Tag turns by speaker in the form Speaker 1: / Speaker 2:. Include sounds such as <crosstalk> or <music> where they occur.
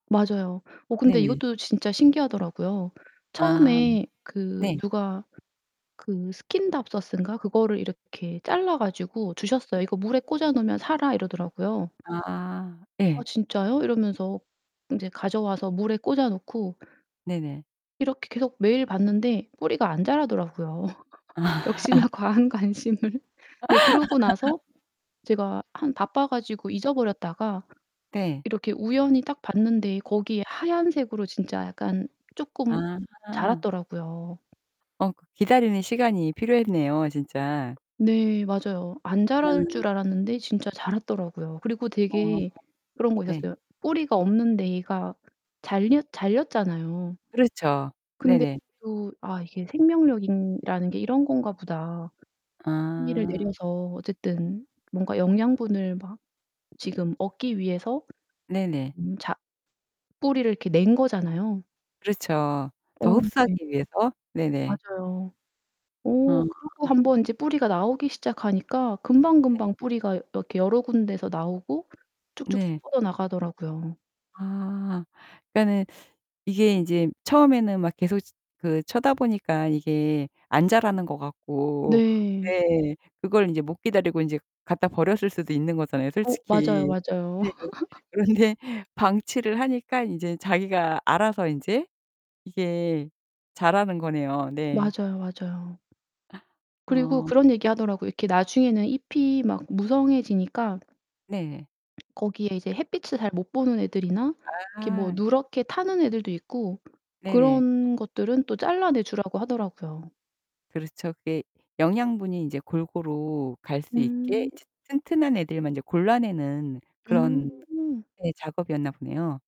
Speaker 1: 맞아요. 어 근데
Speaker 2: 네네.
Speaker 1: 이것도 진짜 신기하더라고요.
Speaker 2: 아
Speaker 1: 처음에 그
Speaker 2: 네.
Speaker 1: 누가 그 스킨답서스인가 그거를 이렇게 잘라 가지고
Speaker 2: 네.
Speaker 1: 주셨어요. "이거 물에 꽂아 놓으면 살아." 이러더라고요.
Speaker 2: 아
Speaker 1: "아
Speaker 2: 예.
Speaker 1: 진짜요?" 이러면서 인제 가져와서 물에 꽂아 놓고
Speaker 2: 네네.
Speaker 1: 이렇게 계속 매일 봤는데 뿌리가 안 자라더라고요. <laughs>
Speaker 2: 아.
Speaker 1: 역시나 과한 관심을 근데 그러고
Speaker 2: <laughs>
Speaker 1: 나서 제가 한 바빠 가지고 잊어버렸다가
Speaker 2: 네.
Speaker 1: 이렇게 우연히 딱 봤는데 거기에 하얀색으로 진짜 약간 쪼끔
Speaker 2: 아.
Speaker 1: 자랐더라고요.
Speaker 2: 어 그 기다리는 시간이 필요했네요, 진짜.
Speaker 1: 네 맞아요. 안 자랄
Speaker 2: 음.
Speaker 1: 줄 알았는데 진짜 자랐더라고요. 그리고
Speaker 2: 어
Speaker 1: 되게 그런 거
Speaker 2: 네.
Speaker 1: 있었어요. 뿌리가 없는데 얘가 잘렸 잘렸잖아요.
Speaker 2: 그렇죠.
Speaker 1: 근데
Speaker 2: 네네.
Speaker 1: 또 '아 이게 생명력이라는 게 이런 건가 보다.' 뿌리를
Speaker 2: 아.
Speaker 1: 내려서 어쨌든 뭔가 영양분을 막 지금 얻기 위해서
Speaker 2: 네네.
Speaker 1: 음 자 뿌리를 이렇게 낸 거잖아요.
Speaker 2: 그렇죠. 더
Speaker 1: 어 네.
Speaker 2: 흡수하기 위해서. 네네.
Speaker 1: 맞아요. 어
Speaker 2: 아.
Speaker 1: 그러고 1 번 이제 뿌리가 나오기 시작하니까
Speaker 2: 네.
Speaker 1: 금방금방 뿌리가 여 이렇게 여러 군데서 나오고 쭉쭉쭉
Speaker 2: 네.
Speaker 1: 뻗어 나가더라고요.
Speaker 2: 아. 그러니까는 이게 인제 처음에는 막 계속 그 쳐다보니까 이게 안 자라는 것 같고
Speaker 1: 네.
Speaker 2: 네 그걸 인제 못 기다리고 인제 갖다 버렸을 수도 있는 거잖아요,
Speaker 1: 어 맞아요,
Speaker 2: 솔직히.
Speaker 1: 맞아요.
Speaker 2: 네.
Speaker 1: <laughs>
Speaker 2: 그런데 방치를 하니까 인제 자기가 알아서 인제 이게 자라는 거네요. 네.
Speaker 1: 맞아요, 맞아요. 그리고
Speaker 2: 어.
Speaker 1: 그런 얘기 하더라고요. 이렇게 나중에는 잎이 막 무성해지니까
Speaker 2: 네.
Speaker 1: <swallows> 거기에 이제 햇빛을 잘 못 보는 애들이나 이렇게 뭐
Speaker 2: 아.
Speaker 1: 누렇게 타는 애들도 있고
Speaker 2: 네네.
Speaker 1: 그런 것들은 또 잘라내 주라고 하더라고요.
Speaker 2: 그렇죠. 그게 영양분이 인제 골고루 갈 수 있게
Speaker 1: 음.
Speaker 2: 인제 튼튼한 애들만 인제 골라내는 그런
Speaker 1: 음.
Speaker 2: 네 작업이었나 보네요.